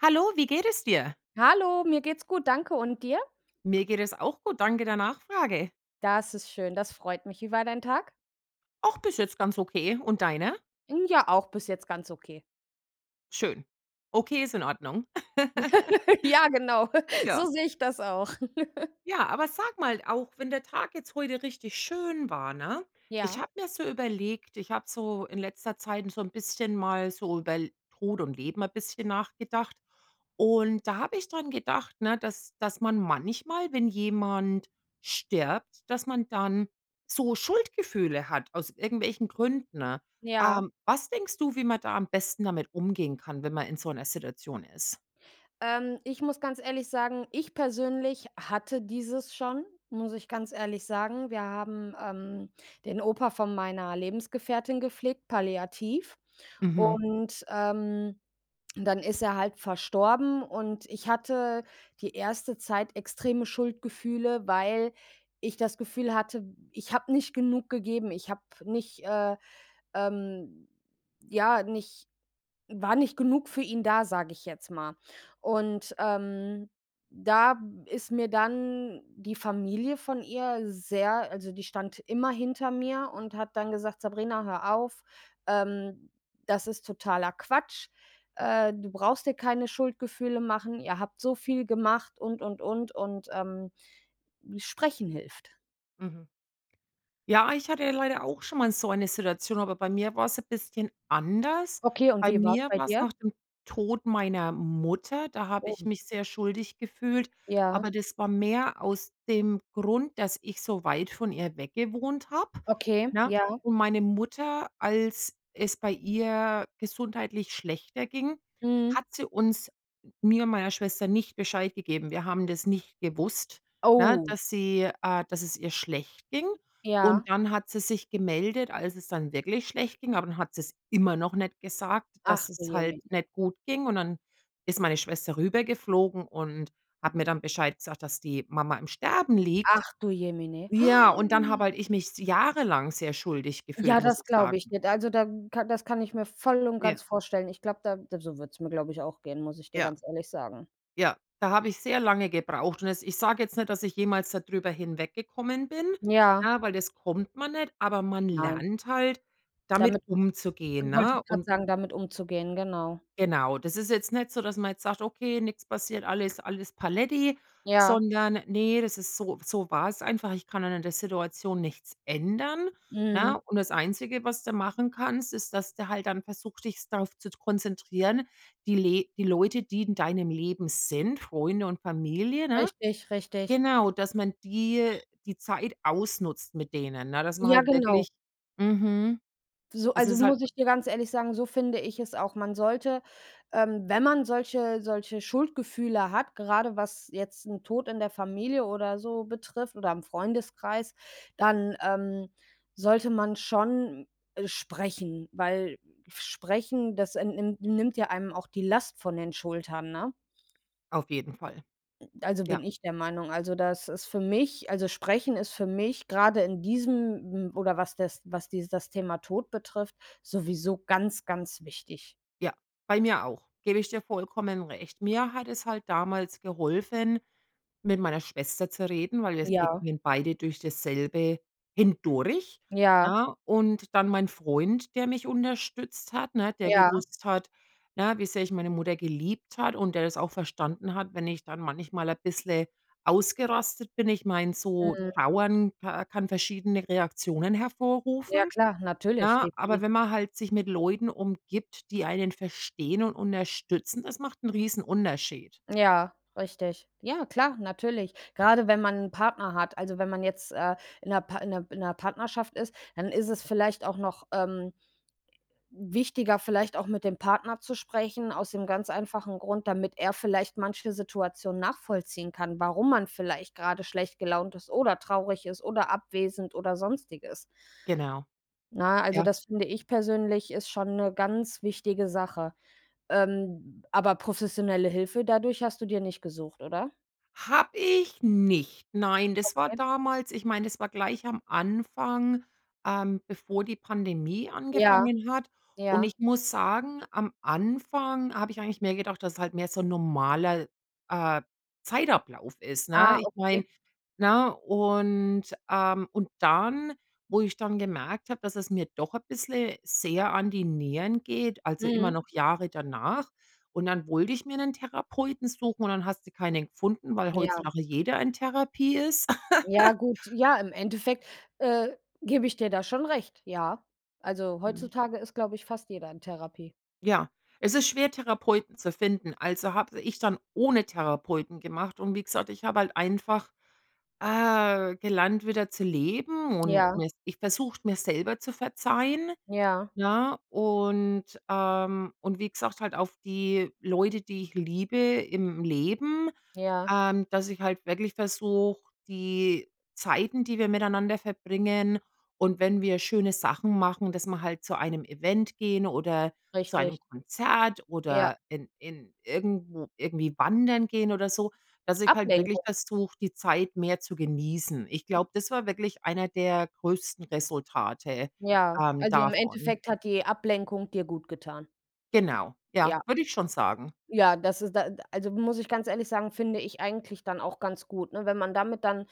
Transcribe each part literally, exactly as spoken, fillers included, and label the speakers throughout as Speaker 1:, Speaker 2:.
Speaker 1: Hallo, wie geht es dir?
Speaker 2: Hallo, mir geht's gut, danke. Und dir?
Speaker 1: Mir geht es auch gut. Danke der Nachfrage.
Speaker 2: Das ist schön, das freut mich. Wie war dein Tag?
Speaker 1: Ach, bist jetzt ganz okay. Und deiner?
Speaker 2: Hm, ja, auch bis jetzt ganz okay.
Speaker 1: Schön. Okay, ist in Ordnung.
Speaker 2: Ja, genau,
Speaker 1: Ja.
Speaker 2: so sehe ich das auch.
Speaker 1: Ja, aber sag mal, auch wenn der Tag jetzt heute richtig schön war, ne? Ich
Speaker 2: Ja.
Speaker 1: habe mir so überlegt, ich habe so in letzter Zeit so 'n bisschen mal so über L Tod und Leben mal bisschen nachgedacht. Und da habe ich daran gedacht, ne, dass dass man manchmal, wenn jemand stirbt, dass man dann so Schuldgefühle hat aus irgendwelchen Gründen.
Speaker 2: Ja.
Speaker 1: Ähm, was denkst du, wie man da am besten damit umgehen kann, wenn man in so 'ner Situation ist?
Speaker 2: Ähm, ich muss ganz ehrlich sagen, ich persönlich hatte dieses schon, muss ich ganz ehrlich sagen. Wir haben, ähm, den Opa von meiner Lebensgefährtin gepflegt, palliativ
Speaker 1: Mhm.
Speaker 2: und, ähm, dann ist er halt verstorben. Und ich hatte die erste Zeit extreme Schuldgefühle, weil ich das Gefühl hatte, ich habe nicht genug gegeben. Ich habe nicht, äh, ähm, ja, nicht war nicht genug für ihn da, sage ich jetzt mal. Und, ähm, da ist mir dann die Familie von ihr sehr also, die stand immer hinter mir und hat dann gesagt: „Sabrina, hör auf, ähm, das ist totaler Quatsch. Äh, du brauchst dir keine Schuldgefühle machen. Ihr habt so viel gemacht und, und, und, und, ähm, hm, Sprechen hilft.“
Speaker 1: Mhm. Ja, ich hatte leider auch schon mal so eine Situation, aber bei mir war es ein bisschen anders.
Speaker 2: Okay, und
Speaker 1: Bei
Speaker 2: wie war es
Speaker 1: mir
Speaker 2: bei
Speaker 1: war's
Speaker 2: dir?
Speaker 1: nach dem Tod meiner Mutter, da habe
Speaker 2: Oh.
Speaker 1: ich mich sehr schuldig gefühlt,
Speaker 2: Ja.
Speaker 1: aber das war mehr aus dem Grund, dass ich so weit von ihr weg gewohnt habe,
Speaker 2: Okay,
Speaker 1: ne?
Speaker 2: ja.
Speaker 1: Und meine Mutter, als es bei ihr gesundheitlich schlechter ging,
Speaker 2: Mhm.
Speaker 1: hat sie uns mir und meiner Schwester nicht Bescheid gegeben. Wir haben das nicht gewusst, ne,
Speaker 2: Oh.
Speaker 1: dass sie äh, dass es ihr schlecht ging.
Speaker 2: Ja.
Speaker 1: Und dann hat sie sich gemeldet, als es dann wirklich schlecht ging, aber dann hat sie es immer noch nicht gesagt,
Speaker 2: Ach
Speaker 1: dass
Speaker 2: du
Speaker 1: es halt
Speaker 2: Jemine!
Speaker 1: nicht gut ging und dann ist meine Schwester rüber geflogen und hat mir dann Bescheid gesagt, dass die Mama im Sterben liegt.
Speaker 2: Ach du Jemine!
Speaker 1: Ja, und dann habe halt ich mich s jahrelang sehr schuldig gefühlt,
Speaker 2: Ja,
Speaker 1: muss
Speaker 2: das
Speaker 1: ich
Speaker 2: glaube ich
Speaker 1: sagen.
Speaker 2: dir. Da also da das kann ich mir voll und ganz
Speaker 1: Ja.
Speaker 2: vorstellen. Ich glaube da so würde es mir glaube ich auch gehen, muss ich dir
Speaker 1: Ja.
Speaker 2: ganz ehrlich sagen.
Speaker 1: Ja, da habe ich sehr lange gebraucht und jetzt ich sage jetzt nicht, dass ich jemals da drüber hinweggekommen bin,
Speaker 2: Ja.
Speaker 1: ne, weil das kommt man nicht, aber man
Speaker 2: Nein.
Speaker 1: lernt halt, damit
Speaker 2: Damit
Speaker 1: umzugehen,
Speaker 2: und wollte
Speaker 1: ne?
Speaker 2: ich grad
Speaker 1: Und
Speaker 2: sagen, damit umzugehen, genau.
Speaker 1: genau, das ist jetzt nicht so, dass man jetzt sagt, okay, nix passiert, alles alles Paletti,
Speaker 2: Ja.
Speaker 1: sondern ne, das ist so so war es einfach, ich kann dann an der Situation nichts ändern,
Speaker 2: Mhm.
Speaker 1: ne? Und das einzige, was du machen kannst, ist, dass du halt dann versuchst, dich darauf zu konzentrieren, die le die Leute, die in deinem Leben sind, Freunde und Familie, ne?
Speaker 2: Richtig, richtig.
Speaker 1: Genau, dass man die äh, die Zeit ausnutzt mit denen, ne, dass man
Speaker 2: Ja,
Speaker 1: halt
Speaker 2: genau.
Speaker 1: wirklich mhm.
Speaker 2: So,
Speaker 1: Das
Speaker 2: also
Speaker 1: ist halt
Speaker 2: muss ich dir ganz ehrlich sagen, so finde ich es auch, man sollte, ähm, wenn man solche solche Schuldgefühle hat, grade was jetzt 'n Tod in der Familie oder so betrifft oder im Freundeskreis, dann, ähm, sollte man schon, äh, sprechen, weil f sprechen, das, ähm, nimm nimmt ja einem auch die Last von den Schultern, ne?
Speaker 1: Auf jeden Fall.
Speaker 2: Also,
Speaker 1: Ja.
Speaker 2: bin ich der Meinung. Also das ist für mich, also sprechen ist für mich grade in diesem m oder was das was die das Thema Tod betrifft, sowieso ganz, ganz wichtig.
Speaker 1: Ja, bei mir auch. Gebe ich dir vollkommen recht. Mir hat es halt damals geholfen, mit meiner Schwester zu reden, weil wir
Speaker 2: Ja.
Speaker 1: gingen beide durch dasselbe hindurch,
Speaker 2: Ja.
Speaker 1: ne, und dann mein Freund, der mich unterstützt hat, ne? Der
Speaker 2: Ja.
Speaker 1: gewusst hat, ja, wie sehr ich meine Mutter geliebt habe und der das auch verstanden hat, wenn ich dann manchmal ein bisschen ausgerastet bin. Ich meine, so
Speaker 2: Mhm.
Speaker 1: trauern ka kann verschiedene Reaktionen
Speaker 2: Ja
Speaker 1: hervorrufen,
Speaker 2: klar, natürlich
Speaker 1: ne?
Speaker 2: die
Speaker 1: Aber
Speaker 2: die
Speaker 1: wenn man halt sich mit Leuten umgibt, die einen verstehen und unterstützen, das macht 'n Riesenunterschied.
Speaker 2: Ja, richtig. Ja, klar, natürlich. Gerade wenn man 'n Partner hat, also wenn man jetzt, äh, in 'ner Pa in 'ner in 'ner Partnerschaft ist, dann ist es vielleicht auch noch, ähm, wichtiger, vielleicht auch mit dem Partner zu sprechen, aus dem ganz einfachen Grund, damit er vielleicht manche Situation nachvollziehen kann, warum man vielleicht gerade schlecht gelaunt ist oder traurig ist oder abwesend oder sonstiges.
Speaker 1: Genau.
Speaker 2: Ne, also
Speaker 1: Ja.
Speaker 2: das finde ich persönlich ist schon 'ne ganz wichtige Sache. Ähm, aber professionelle Hilfe dadurch hast du dir nicht gesucht, oder?
Speaker 1: Habe ich nicht. Nein, das war
Speaker 2: Okay.
Speaker 1: damals ich meine, das war gleich am Anfang, ähm, bevor die Pandemie
Speaker 2: Ja,
Speaker 1: angefangen hat. Und
Speaker 2: ja.
Speaker 1: ich muss sagen, am Anfang habe ich eigentlich mehr gedacht, dass es halt mehr so 'n normaler, äh, Zeitablauf ist,
Speaker 2: Ah,
Speaker 1: ne? Ich meine,
Speaker 2: ok.
Speaker 1: ne? Und, ähm und dann, wo ich dann gemerkt habe, dass es mir doch ein bisschen sehr an die Nieren geht, also, immer
Speaker 2: Mhm.
Speaker 1: noch Jahre danach. Und dann wollte ich mir 'nen Therapeuten suchen und dann hast du keinen gefunden, weil
Speaker 2: Ja.
Speaker 1: heutzutage jeder in Therapie ist.
Speaker 2: Ja, gut ja, im Endeffekt, äh, gebe ich dir da schon recht, ja. Also,
Speaker 1: Ja.
Speaker 2: heutzutage ist, glaube ich, fast jeder in Therapie.
Speaker 1: Ja, es ist schwer, Therapeuten zu finden. Also, habe ich dann ohne Therapeuten gemacht und wie gesagt, ich habe halt einfach, äh, gelernt wieder zu leben und
Speaker 2: Ja.
Speaker 1: mich versucht, mir selber zu verzeihen,
Speaker 2: Ja.
Speaker 1: ja, und, ähm und wie gesagt, halt auf die Leute, die ich liebe im Leben,
Speaker 2: Ja.
Speaker 1: ähm, dass ich halt wirklich versuche, die Zeiten, die wir miteinander verbringen und wenn wir schöne Sachen machen, dass wir halt zu einem Event gehen oder zu
Speaker 2: Richtig.
Speaker 1: einem Konzert
Speaker 2: Ja.
Speaker 1: oder in in irgendwo irgendwie wandern gehen oder so, dass ich halt wirklich
Speaker 2: Ablenkung.
Speaker 1: versuche, die Zeit mehr zu genießen. Ich glaube, das war wirklich einer der größten Resultate,
Speaker 2: Ja,
Speaker 1: ähm,
Speaker 2: also, im
Speaker 1: davon.
Speaker 2: Endeffekt hat die Ablenkung dir gut getan.
Speaker 1: Genau, ja,
Speaker 2: Ja.
Speaker 1: würde ich schon sagen.
Speaker 2: Ja, das ist da äh, d also, muss ich ganz ehrlich sagen, finde ich eigentlich dann auch ganz gut, ne, wenn man damit dann,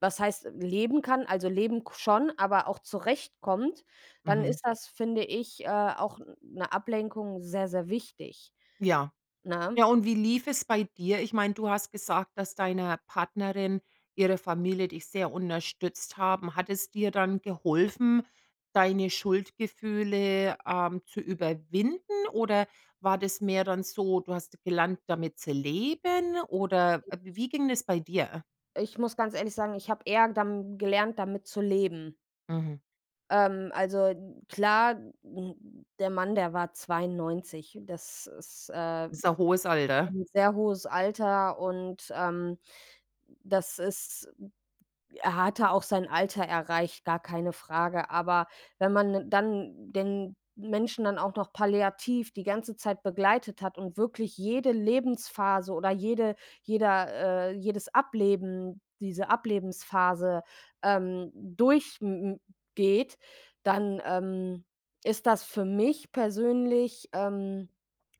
Speaker 2: was heißt leben kann, also, leben k schon, aber auch zurechtkommt, dann
Speaker 1: Mhm.
Speaker 2: ist das, finde ich, äh, auch 'n 'ne Ablenkung sehr, sehr wichtig,
Speaker 1: Ja.
Speaker 2: ne?
Speaker 1: Ja, und wie lief es bei dir? Ich meine, du hast gesagt, dass deiner Partnerin ihre Familie dich sehr unterstützt haben. Hat es dir dann geholfen, deine Schuldgefühle, ähm, zu überwinden, oder war das mehr dann so, du hast gelernt, damit zu leben oder, äh, w wie ging es bei dir?
Speaker 2: Ich muss ganz ehrlich sagen, ich habe eher dam gelernt, damit zu leben.
Speaker 1: Mhm.
Speaker 2: Ähm, also, n klar, n der Mann, der war zweiundneunzig. Das ist, äh,
Speaker 1: Ist ein hohes Alter.
Speaker 2: 'n sehr hohes Alter und, ähm, das ist er hatte auch sein Alter erreicht, gar keine Frage. Aber wenn man 'nen dann den Menschen dann auch noch palliativ die ganze Zeit begleitet hat und wirklich jede Lebensphase oder jede jeder, äh jedes Ableben, diese Ablebensphase, ähm, durch m m geht, dann, ähm, ist das für mich persönlich, ähm,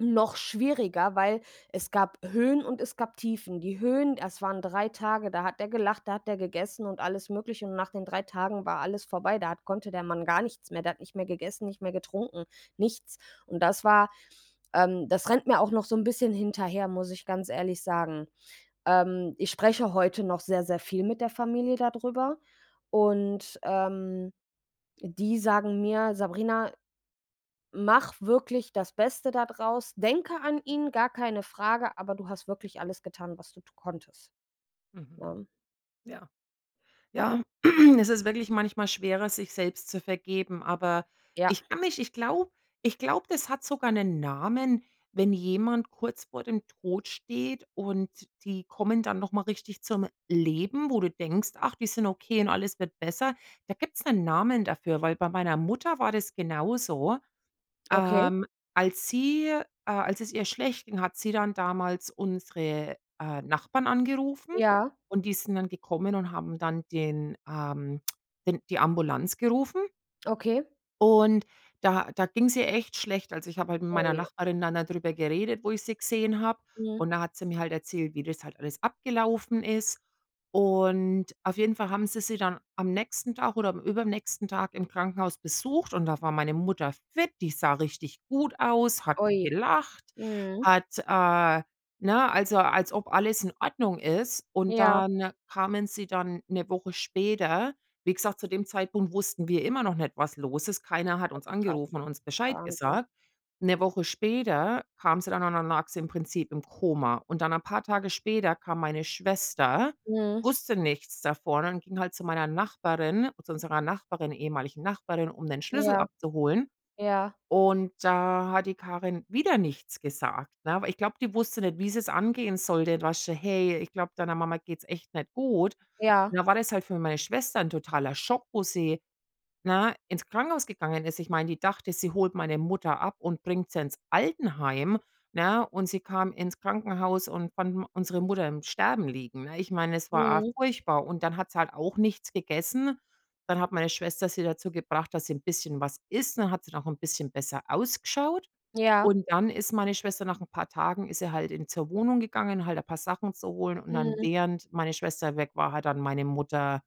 Speaker 2: noch schwieriger, weil es gab Höhen und es gab Tiefen. Die Höhen, das waren drei Tage, da hat er gelacht, da hat er gegessen und alles Mögliche, und nach den drei Tagen war alles vorbei. Da hat konnte der Mann gar nichts mehr. Der hat nicht mehr gegessen, nicht mehr getrunken, nichts. Und das war, ähm das rennt mir auch noch so 'n bisschen hinterher, muss ich ganz ehrlich sagen. Ähm, ich spreche heute noch sehr, sehr viel mit der Familie da drüber und, ähm, die sagen mir: „Sabrina, mache wirklich das Beste da draus, denke an ihn, gar keine Frage, aber du hast wirklich alles getan, was du konntest.“
Speaker 1: Mhm.
Speaker 2: Ne?
Speaker 1: Ja. Ja, es ist wirklich manchmal schwerer, sich selbst zu vergeben, aber
Speaker 2: Ja.
Speaker 1: ich kann mich ich glaube ich glaube, das hat sogar 'nen Namen, wenn jemand kurz vor dem Tod steht und die kommen dann nochmal richtig zum Leben, wo du denkst: „Ach, die sind okay und alles wird besser. Da gibt's 'nen Namen dafür, weil bei meiner Mutter war das genauso.
Speaker 2: Okay.
Speaker 1: Ähm, als sie, äh als es ihr schlecht ging, hat sie dann damals unsere, äh, Nachbarn angerufen
Speaker 2: Ja.
Speaker 1: und die sind dann gekommen und haben dann den ähm, den die Ambulanz gerufen.
Speaker 2: Okay.
Speaker 1: Und da da ging's ihr echt schlecht. Also, ich habe halt mit meiner
Speaker 2: Oje.
Speaker 1: Nachbarin dann darüber geredet, wo ich sie gesehen habe,
Speaker 2: Mhm.
Speaker 1: und da hat sie mir halt erzählt, wie das halt alles abgelaufen ist. Und auf jeden Fall haben sie sie dann am nächsten Tag oder am übernächsten Tag im Krankenhaus besucht und da war meine Mutter fit, die sah richtig gut aus, hat
Speaker 2: Ui,
Speaker 1: gelacht,
Speaker 2: mhm.
Speaker 1: hat, äh ne? Also, als ob alles in Ordnung ist. Und
Speaker 2: Ja.
Speaker 1: dann kamen sie dann 'ne Woche später. Wie gesagt, zu dem Zeitpunkt wussten wir immer noch nicht, was los ist. Keiner hat
Speaker 2: Oh,
Speaker 1: uns
Speaker 2: krass,
Speaker 1: angerufen und uns Bescheid
Speaker 2: Wahnsinn.
Speaker 1: gesagt. 'Ne Woche später kamen sie dann und dann lag sie im Prinzip im Koma. Und dann ein paar Tage später kam meine Schwester,
Speaker 2: Mhm.
Speaker 1: wusste nichts davon und ging halt zu meiner Nachbarin, zu unserer Nachbarin, ehemaligen Nachbarin, um den Schlüssel
Speaker 2: Ja,
Speaker 1: abzuholen.
Speaker 2: ja.
Speaker 1: Und da hat die Karin wieder nichts gesagt, ne? Ich glaube, die wusste nicht, wie sie es angehen sollte. [unintelligible] „Hey, ich glaube, deiner Mama geht's echt nicht gut.“ Und
Speaker 2: Ja.
Speaker 1: dann war das halt für meine Schwester 'n totaler Schock, wo sie, ne, ins Krankenhaus gegangen ist. Ich meine, die dachte, sie holt meine Mutter ab und bringt sie ins Altenheim, ne? Und sie kam ins Krankenhaus und fand m unsere Mutter im Sterben liegen, ne? Ich meine, es war a
Speaker 2: Mhm.
Speaker 1: furchtbar. Und dann hat sie halt auch nichts gegessen. Dann hat meine Schwester sie dazu gebracht, dass sie 'n bisschen was isst und dann hat sie auch 'n bisschen besser ausgeschaut.
Speaker 2: Ja.
Speaker 1: Und dann ist meine Schwester nach 'n paar Tagen ist sie halt in zur Wohnung gegangen, halt ein paar Sachen zu holen und dann
Speaker 2: Mhm.
Speaker 1: während meine Schwester weg war, hat dann meine Mutter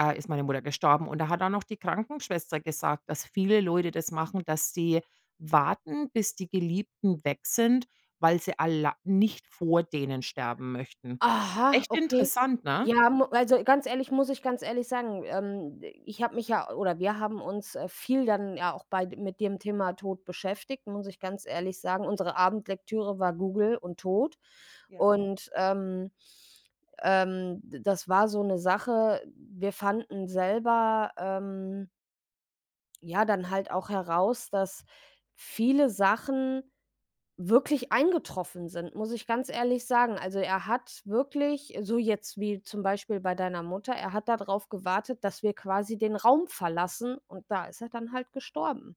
Speaker 1: äh, ist meine Mutter gestorben. Und da hat dann auch die Krankenschwester gesagt, dass viele Leute das machen, dass sie warten, bis die Geliebten weg sind, weil sie alla nicht vor denen sterben möchten.
Speaker 2: Aha,
Speaker 1: Echt
Speaker 2: okay.
Speaker 1: interessant, ne?
Speaker 2: Ja mu also, ganz ehrlich, muss ich ganz ehrlich sagen. Ähm, ich habe mich ja oder wir haben uns, äh, viel dann ja auch bei mit dem Thema Tod beschäftigt, muss ich ganz ehrlich sagen. Unsere Abendlektüre war Google und Tod
Speaker 1: Ja.
Speaker 2: und, ähm, ähm, d das war so 'ne Sache. Wir fanden selber, ähm Ja dann halt auch heraus, dass viele Sachen wirklich eingetroffen sind, muss ich ganz ehrlich sagen, also, er hat wirklich so jetzt wie zum Beispiel bei deiner Mutter, er hat da darauf gewartet, dass wir quasi den Raum verlassen. Und da ist er dann halt gestorben.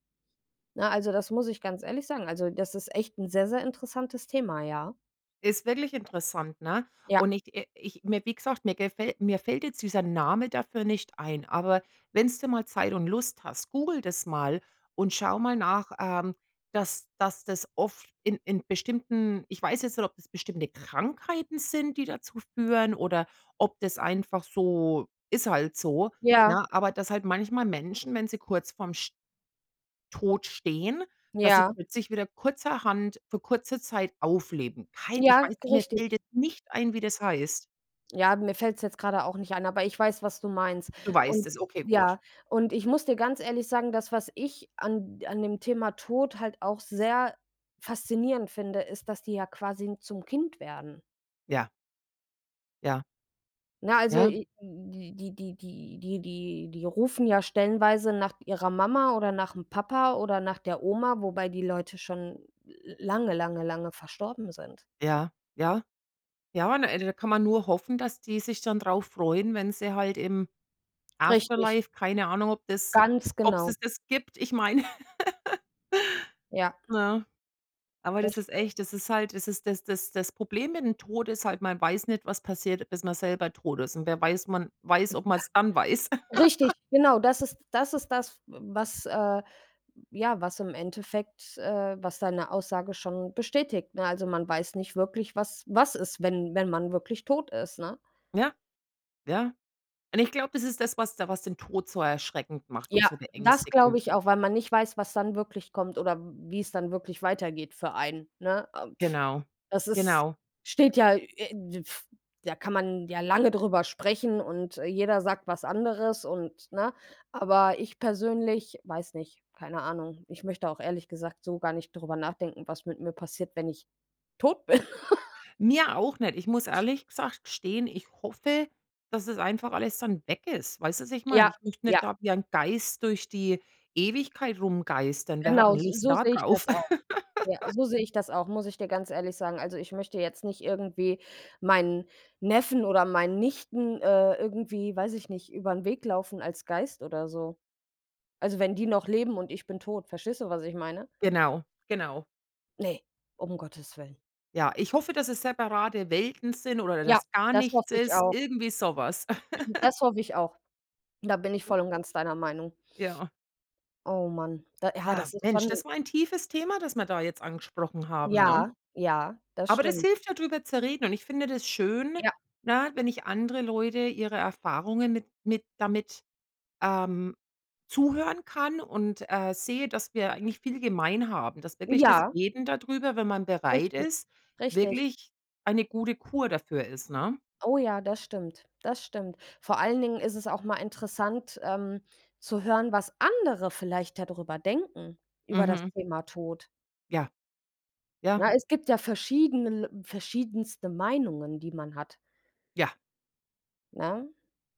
Speaker 2: Ne, also, das muss ich ganz ehrlich sagen. Also, das ist echt 'n sehr, sehr interessantes Thema, ja.
Speaker 1: Ist wirklich interessant, ne?
Speaker 2: Ja.
Speaker 1: Und ich i ich mir wie gesagt, mir gefäll mir fällt jetzt dieser Name dafür nicht ein, aber wenn's du mal Zeit und Lust hast, google das mal und schau mal nach, ähm, dass dass das oft in in bestimmten ich weiß jetzt nicht, ob das bestimmte Krankheiten sind, die dazu führen, oder ob das einfach so ist halt so,
Speaker 2: Ja.
Speaker 1: ne, aber dass halt manchmal Menschen, wenn sie kurz vorm sch Tod stehen, dass sie
Speaker 2: Ja.
Speaker 1: plötzlich wieder kurzerhand für kurze Zeit aufleben. Kein ich
Speaker 2: Ja,
Speaker 1: weiß mir
Speaker 2: richtig.
Speaker 1: fällt jetzt nicht ein, wie das heißt.
Speaker 2: Ja, mir fällt's jetzt gerade auch nicht ein, aber ich weiß, was du meinst.
Speaker 1: Du weißt
Speaker 2: Und
Speaker 1: es. Okay, gut.
Speaker 2: ja, und ich muss dir ganz ehrlich sagen, dass was ich an d an dem Thema Tod halt auch sehr faszinierend finde, ist, dass die ja quasi zum Kind werden.
Speaker 1: Ja. Ja.
Speaker 2: Na, also,
Speaker 1: Ja.
Speaker 2: äh, die die die die die die rufen ja stellenweise nach ihrer Mama oder nach'm Papa oder nach der Oma, wobei die Leute schon lange, lange, lange verstorben sind.
Speaker 1: Ja, ja. Ja, ne da kann man nur hoffen, dass die sich dann darauf freuen, wenn sie halt im
Speaker 2: Richtig.
Speaker 1: Afterlife, keine Ahnung, ob das
Speaker 2: Ganz
Speaker 1: ob
Speaker 2: genau.
Speaker 1: es das gibt. Ich meine,
Speaker 2: Ja.
Speaker 1: ne? Aber
Speaker 2: Das
Speaker 1: das ist
Speaker 2: stimmt.
Speaker 1: echt das ist halt das ist das das das Problem mit dem Tod ist halt, man weiß nicht, was passiert, bis man selber tot ist. Und wer weiß man weiß, ob man es dann weiß.
Speaker 2: [unintelligible] Richtig, genau, das ist das ist das, w was, äh ja, was im Endeffekt, äh was deine Aussage schon bestätigt, ne? Also, man weiß nicht wirklich, was was ist, wenn wenn man wirklich tot ist, ne?
Speaker 1: Ja. Ja. Und ich glaube, das ist das, was da was den Tod so erschreckend macht und
Speaker 2: Ja,
Speaker 1: so
Speaker 2: das glaube
Speaker 1: beängstigend.
Speaker 2: ich auch, weil man nicht weiß, was dann wirklich kommt oder wie es dann wirklich weitergeht für einen, ne? Ah,
Speaker 1: Genau.
Speaker 2: das ist
Speaker 1: Genau.
Speaker 2: steht ja, äh, da kann man ja lange darüber sprechen und jeder sagt was anderes und ne? Aber ich persönlich, weiß nicht, keine Ahnung. Ich möchte auch ehrlich gesagt so gar nicht darüber nachdenken, was mit mir passiert, wenn ich tot bin.
Speaker 1: Mir auch nicht. Ich muss ehrlich gesagt gestehen, ich hoffe, dass, das einfach alles dann weg ist. Weißt du, was ich meine?
Speaker 2: Ja,
Speaker 1: Ich möchte nicht
Speaker 2: ja.
Speaker 1: da wie ein Geist durch die Ewigkeit rumgeistern. Wer hat 'n
Speaker 2: Genau, so
Speaker 1: Lust
Speaker 2: so
Speaker 1: da
Speaker 2: sehe ich
Speaker 1: drauf?
Speaker 2: das auch. Ja, so sehe ich das auch, muss ich dir ganz ehrlich sagen. Also, ich möchte jetzt nicht irgendwie meinen Neffen oder meinen Nichten, äh, irgendwie, weiß ich nicht, über den Weg laufen als Geist oder so. Also, wenn die noch leben und ich bin tot. Verstehst du, was ich meine?
Speaker 1: Genau, genau.
Speaker 2: Ne, um Gottes willen.
Speaker 1: Ja, ich hoffe, dass es separate Welten sind oder
Speaker 2: Ja,
Speaker 1: dass gar
Speaker 2: das
Speaker 1: nichts
Speaker 2: hoffe ich
Speaker 1: ist,
Speaker 2: auch.
Speaker 1: irgendwie so was.
Speaker 2: Das hoffe ich auch. Da bin ich
Speaker 1: Ja.
Speaker 2: voll und ganz deiner Meinung.
Speaker 1: Ja.
Speaker 2: Oh, Mann, da ha
Speaker 1: Ja,
Speaker 2: das ist
Speaker 1: Mensch,
Speaker 2: schon.
Speaker 1: das war ein tiefes Thema, das wir da jetzt angesprochen haben, ne?
Speaker 2: Ja, ja, das
Speaker 1: Aber das
Speaker 2: stimmt.
Speaker 1: hilft ja da drüber zu reden und ich finde das schön,
Speaker 2: Ja.
Speaker 1: ne, wenn ich andere Leute ihre Erfahrungen mit mit damit, ähm, zuhören kann und, äh, sehe, dass wir eigentlich viel gemein haben. Dass wirklich das
Speaker 2: Ja.
Speaker 1: Reden darüber, wenn man bereit
Speaker 2: Richtig,
Speaker 1: ist,
Speaker 2: richtig.
Speaker 1: wirklich eine gute Kur dafür ist, ne?
Speaker 2: Oh, ja, das stimmt, das stimmt. Vor allen Dingen ist es auch mal interessant, ähm, zu hören, was andere vielleicht da drüber denken, über das
Speaker 1: Mhm.
Speaker 2: Thema Tod.
Speaker 1: Ja, ja.
Speaker 2: Ja, es gibt ja verschiedene l verschiedenste Meinungen, die man hat.
Speaker 1: Ja.
Speaker 2: Ne,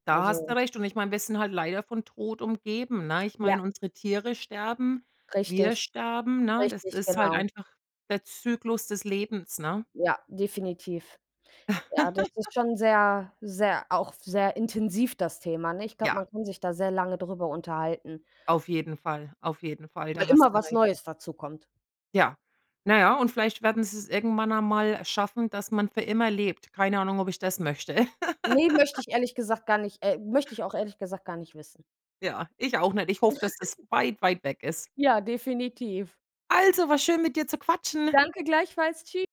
Speaker 1: Da hast du
Speaker 2: also
Speaker 1: recht. Und ich meine, wir sind halt leider von Tod umgeben, ne? Ich
Speaker 2: Ja.
Speaker 1: meine, unsere Tiere sterben, wir
Speaker 2: Richtig,
Speaker 1: sterben, ne, das
Speaker 2: richtig,
Speaker 1: ist halt
Speaker 2: genau.
Speaker 1: einfach der Zyklus des Lebens, ne?
Speaker 2: Ja, definitiv. Ja, das ist schon sehr sehr auch sehr intensiv das Thema, nicht? Ne, ich glaube,
Speaker 1: Ja.
Speaker 2: man kann sich da sehr lange drüber unterhalten.
Speaker 1: Auf jeden Fall, auf jeden Fall.
Speaker 2: Weil
Speaker 1: Da hast
Speaker 2: immer
Speaker 1: du
Speaker 2: was
Speaker 1: recht.
Speaker 2: Neues dazukommt.
Speaker 1: Ja. Na ja, und vielleicht werden sie es irgendwann einmal schaffen, dass man für immer lebt. Keine Ahnung, ob ich das möchte.
Speaker 2: Ne, möchte ich ehrlich gesagt gar nicht äh, möchte ich auch ehrlich gesagt gar nicht wissen.
Speaker 1: Ja, ich auch nicht. Ich hoffe, dass das weit, weit weg ist.
Speaker 2: Ja, definitiv.
Speaker 1: Also, war schön mit dir zu quatschen.
Speaker 2: Danke gleichfalls, tschü